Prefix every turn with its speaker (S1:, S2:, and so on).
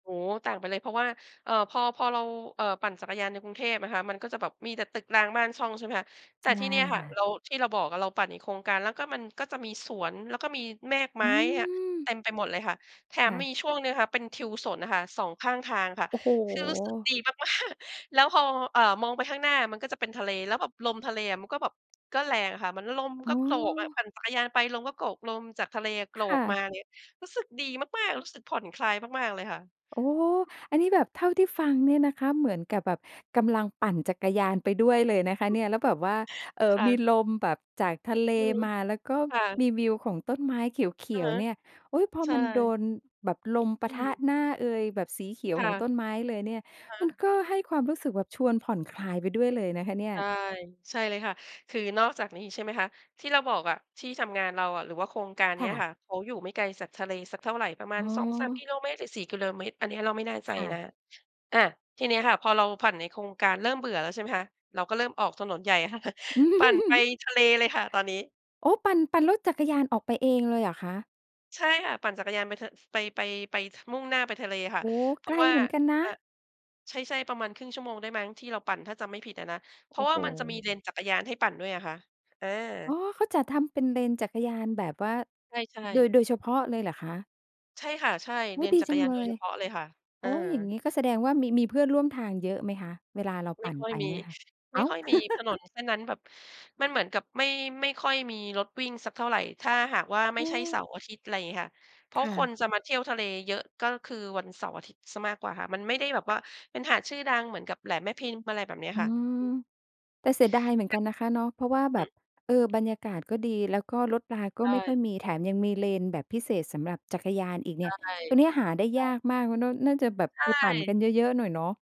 S1: โอ้โฮ ต่างไปเลยเพราะว่า เอ่อ พอ พอเรา เอ่อ ปั่นจักรยานในกรุงเทพนะคะ มันก็จะแบบมีแต่ตึกรางบ้านช่อง ใช่ไหมคะ แต
S2: ใช
S1: ่
S2: ่
S1: ที่เนี่ยค่ะ
S2: ค่ะ
S1: ที่เราบอกเราปั่นอีกโครงการแล้วก็มันก็จะมีสวน แล้วก็มีแมกไม
S2: อื
S1: ้อะ
S2: ม
S1: เต็มไปหมดเลยค่ะ แถ
S2: ค
S1: ม
S2: ่ะ
S1: มีช่วงนึงค่ะเป็นทิวสนน่ะค่ะ 2 ข้างทางค่ะ
S2: โอ้โฮ!
S1: คือรู้สึกดี มาก ๆ แล้วพอ เอ่อ มองไปข้างหน้ามันก็จะเป็นทะเล แล้วแบบลมทะเลอะมันก็แบบ ก็แรงอะค่ะ เหมือนลม
S2: อ๋
S1: ก็โกรก
S2: อ
S1: ปั่นจักรยานไปลมก็โกรก ลมจากทะเลอะโกร
S2: ค่
S1: ก
S2: ะ
S1: มาเงี้ย รู้สึกดีมาก ๆ รู้สึกผ่อนคลายมาก ๆ เลยค่ะ
S2: โอ้! อันนี้แบบเท่าที่ฟังเนี่ยนะคะ เหมือนกับแบบกำลังปั่นจักรยานไปด้วยเลยนะคะเนี่ย แล้วแบบว่า เอ่อ
S1: ค่
S2: มี
S1: ะ
S2: ลมแบบจากทะเล
S1: อืม
S2: มา แล้วก็
S1: ค่ะ
S2: มีวิวของต้นไม้เข
S1: อ
S2: ี
S1: ะ
S2: ย
S1: ฮ
S2: ว
S1: ะ
S2: ๆ เนี่ย โอ๊ย! พอ
S1: ใช
S2: มันโด
S1: ่
S2: นแบบลมป
S1: อ
S2: ะ
S1: ื
S2: ทะ
S1: ม
S2: หน้าเอย แบบสีเขีย
S1: ค
S2: ว
S1: ่
S2: ข
S1: ะ
S2: องต้นไม้เลยเนี่ย
S1: อะฮ
S2: มัน
S1: ะ
S2: ก็ให้ความรู้สึกแบบชวนผ่อนคลายไปด้วยเลยนะคะเนี่
S1: ใ
S2: ย
S1: ช่ ใช่เลยค่ะ คือนอกจากนี้ใช่ไหมคะ ที่เราบอกอะ ที่ทำงานเราอะหรือว่าโครงการเ
S2: ค
S1: นี้
S2: ่
S1: ย
S2: ะ
S1: ค่ะ เขาอยู่ไม่ไกลจากทะเลสักเท่าไร ประมา
S2: อ๋
S1: ณ 2-3 ก
S2: อ
S1: ิโลเมตร หรือ 4 กิโลเมตร อันเนี้ยเราไม่แน่ใจ
S2: ค่ะ
S1: นะ อา ทีนี้ค่ะ พอเราปั่นในโครงการเริ่มเบื่อแล้ว ใช่ไหมคะ เราก็เริ่มออกถนนใหญ่ค่ะ ปั่นไปทะเลเลยค่ะตอนนี้
S2: โอ้! ปั่น ปั่นรถจักรยานออกไปเองเลยเหรอคะ?
S1: ใช่ค่ะ ปั่นจักรยานไป ไป ไป ไปมุ่งหน้าไปทะเลค่ะ
S2: โอ้โฮ!
S1: เพ
S2: ไ
S1: รา
S2: ก
S1: ะ
S2: ล
S1: ว่า
S2: เหมือนกันนะ
S1: อ่า ใช่ ๆ ประมาณ 1/2 ชั่วโมงได้มั้งที่เราปั่นถ้าจำไม่ผิดอะนะ เพ
S2: โ
S1: ร
S2: อ
S1: า
S2: ้
S1: ะว่
S2: โ
S1: ามันจะมี
S2: ฮ!
S1: เลนจักรยานให้ปั่นด้วยอะค่ะ อ
S2: อ๋
S1: า
S2: อ เขาจะทำเป็นเลนจักรยานแบบว่า
S1: ใช่
S2: โด
S1: ๆ
S2: ย โดยเฉพาะเลยเหรอคะ?
S1: ใช่ค่ะ ใช่
S2: อ
S1: เ
S2: ุ๊
S1: ล
S2: ย!
S1: น
S2: ดี
S1: จัก
S2: จั
S1: ร
S2: ง
S1: ยาน
S2: เล
S1: โดยเ
S2: ย
S1: ฉพาะเลยค่ะ
S2: โ
S1: อ
S2: อ้
S1: า
S2: อย่างงี้ก็แสดงว่ามี มีเพื่อนร่วมทางเยอะไหมคะ? เวลาเรา
S1: ไม
S2: ป
S1: ่
S2: ั่น
S1: ค่อ
S2: ไ
S1: ย
S2: ป
S1: มี
S2: เนี่ยค่ะ
S1: ไ
S2: อ
S1: ม
S2: ้
S1: ่
S2: าว
S1: ค่อยมีถนนแค่นั้นแบบ มันเหมือนกับไม่ ไม่ค่อยมีรถวิ่งสักเท่าไร ถ้าหากว่าไม
S2: เ
S1: ่ใช่
S2: ออ
S1: เสาร์อาทิตย์อะไรอย่างเงี้ยค่ะ เพรา
S2: ค
S1: ะ
S2: ่
S1: ค
S2: ะ
S1: นจะมาเที่ยวทะเลเยอะ ก็คือวันเสาร์อาทิตย์เสียมากกว่าค่ะ มันไม่ได้แบบว่าเป็นหาดชื่อดังเหมือนกับแหลมแม่พิมพ์อะไรแบบนี้
S2: อื
S1: ค่ะ
S2: ม แต่เสียดายเหมือนกันนะคะเนาะ เพราะว่า แบ
S1: อื
S2: บ
S1: อ
S2: เอ่อ บรรยากาศก็ดี แล้วก็รถลาก
S1: ใ
S2: ็
S1: ช
S2: ไม่ค่
S1: ่
S2: อยมี แถมยังมีเลนแบบพิเศษสำหรับจักรยานอีกเ
S1: ใ
S2: น
S1: ช
S2: ี่
S1: ่
S2: ย ตรงเนี้ย
S1: ใ
S2: หาได้
S1: ช
S2: ยา
S1: ่
S2: กมาก มันก็น่าจะแบบ
S1: ใ
S2: ไปปั่นกั
S1: ช่
S2: นเยอะ ๆ หน่อยเนาะ